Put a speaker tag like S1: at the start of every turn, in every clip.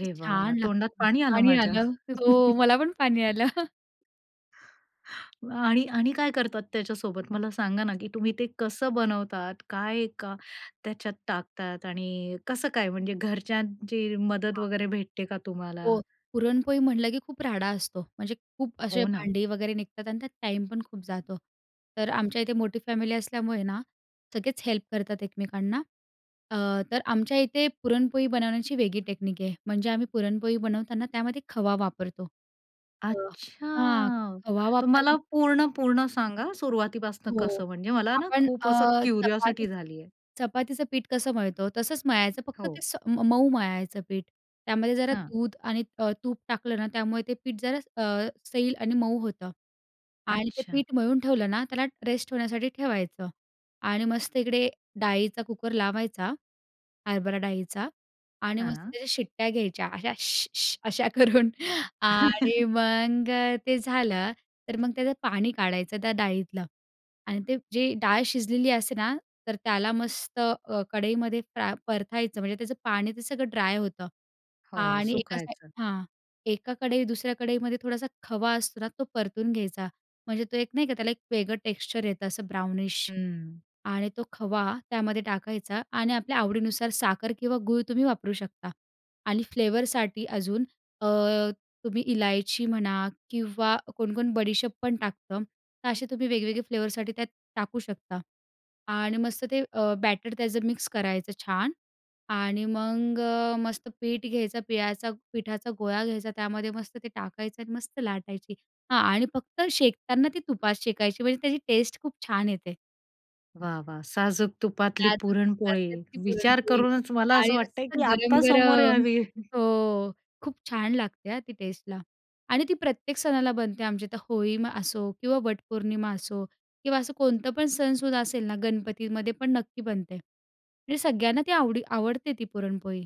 S1: किती
S2: वाह!
S1: छान
S2: तोंडात
S1: लागतं.
S2: पाणी आलं
S1: पाणी
S2: माझ्या.
S1: आलं, हो, मला पण पाणी आलं.
S2: आणि आणि काय करतात त्याच्यासोबत मला सांगा ना की तुम्ही ते कसं बनवतात काय का त्याच्यात टाकतात आणि कसं काय म्हणजे घरच्यांची मदत
S1: [unintelligible]
S2: वगैरे भेटते का तुम्हाला?
S1: हो. पुरणपोळी म्हटलं की खूप राडा असतो म्हणजे खूप असे
S2: हो ना.
S1: भांडी वगैरे निघतात आणि त्यात टाईम पण खूप जातो. तर आमच्या इथे मोठी फॅमिली असल्यामुळे ना, सगळेच हेल्प करतात एकमेकांना अ, तर आमच्या इथे पुरणपोळी बनवण्याची वेगळी टेक्नीक आहे. म्हणजे आम्ही पुरणपोळी बनवताना त्यामध्ये खवा वापरतो, अ, हां.
S2: अच्छा
S1: खवा
S2: तर
S1: वापर
S2: मला पूर्ण पूर्ण सांगा सुरुवातीपासून
S1: हो.
S2: कसं म्हणजे मला ना
S1: आपण
S2: खूप असं
S1: अ,
S2: क्युरिओसिटी
S1: चपातीचं
S2: झालीये.
S1: चपातीचं पीठ कसं मळतो? तसंच मळायचं फक्त ते
S2: हो.
S1: स मऊ मळायचं पीठ. त्यामध्ये जरा
S2: हां.
S1: दूध आणि अ, त तूप टाकलं ना त्यामुळे ते पीठ जरा अ, सैल आणि मऊ होतं आणि ते
S2: अच्छा.
S1: पीठ मळून ठेवलं ना त्याला रेस्ट होण्यासाठी ठेवायचं आणि मस्त इकडे डाळीचा कुकर लावायचा. हरभरा डाळीचा आणि मस्त
S2: हां.
S1: त्या शिट्ट्या घ्यायच्या अशा अशा करून आणि मग ते झालं, तर मग त्याचं पाणी काढायचं त्या डाळीतलं आणि ते जे डाळ शिजलेली असते ना? तर त्याला मस्त अ, कढईमध्ये फ्रा परतायचं म्हणजे त्याचं पाणी ते सगळं ड्राय होतं
S2: हो,
S1: आणि एका
S2: सुकवायचं.
S1: साईड हां. एका कढई दुसऱ्या कढईमध्ये थोडासा खवा असतो ना तो परतून घ्यायचा. म्हणजे तो एक नाही का त्याला एक वेगळं टेक्स्चर येतं असं ब्राउनिश
S2: हं.
S1: आणि तो खवा त्यामध्ये टाकायचा आणि आपल्या आवडीनुसार साखर किंवा गूळ तुम्ही वापरू शकता आणि फ्लेवरसाठी अजून अ, तुम्ही इलायची म्हणा किंवा कोण-कोण बडीशेप पण टाकतं. तर असे तुम्ही वेगवेगळे फ्लेवरसाठी त्यात टाकू शकता आणि मस्त ते अ, बॅटर त्याचं मिक्स करायचं छान आणि मग अ, मस्त पीठ घ्यायचं, पिळायचा पिठाचा गोळा घ्यायचा. त्यामध्ये मस्त ते टाकायचं आणि मस्त लाटायची. हां. आणि फक्त शेकताना ती तुप शेकायची म्हणजे त्याची टेस्ट खूप छान येते.
S2: वाह, वाह! साजूक तुपातली
S1: साजूक
S2: पुरणपोळी
S1: तुपातली ती
S2: विचार
S1: पुरणपोळी
S2: करूनच मला
S1: आणि
S2: असं वाटतंय
S1: मस्त
S2: की आता समोर
S1: गरम-गरम.
S2: यावी.
S1: हो. खूप छान लागते अ, ती टेस्टला आणि ती प्रत्येक सणाला बनते आमच्या इथं. होळीमा असो किंवा वटपौर्णिमा असो किंवा असं कोणतं पण सणसूद असेल ना गणपतीमध्ये पण नक्की बनते आणि सगळ्यांना ती आवडी आवडते ती पुरणपोळी.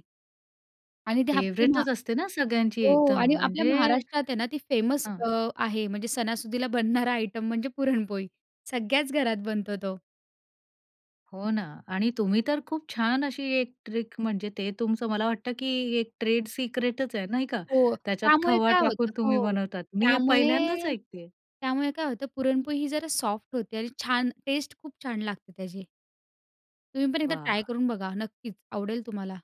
S1: आणि ते आपली मा
S2: फेव्हरेटच असते ना सगळ्यांची
S1: हो.
S2: एकदम
S1: आणि आपल्या
S2: म्हणजे.
S1: महाराष्ट्रात आहे ना ती फेमस
S2: हां.
S1: अ, आहे. म्हणजे सणासुदीला बनणारा आयटम म्हणजे पुरणपोळी सगळ्याच घरात बनतो तो.
S2: हो ना. आणि तुम्ही तर खूप छान अशी एक ट्रिक म्हणजे ते तुमचं मला वाटतं की एक ट्रेड सिक्रेटच आहे नाही का?
S1: हो.
S2: त्याच्यात
S1: त्यामुळे
S2: खवा
S1: काय होतं
S2: टाकून तुम्ही
S1: हो
S2: बनवतात. मी हे पहिल्यांदाच
S1: त्यामुळे
S2: ऐकतेय.
S1: त्यामुळे काय होतं पुरणपोळी ही जरा सॉफ्ट होते आणि छान टेस्ट खूप छान लागते त्याची. तुम्ही पण एकदा ट्राय
S2: वाह!
S1: करून बघा. नक्कीच, आवडेल तुम्हाला.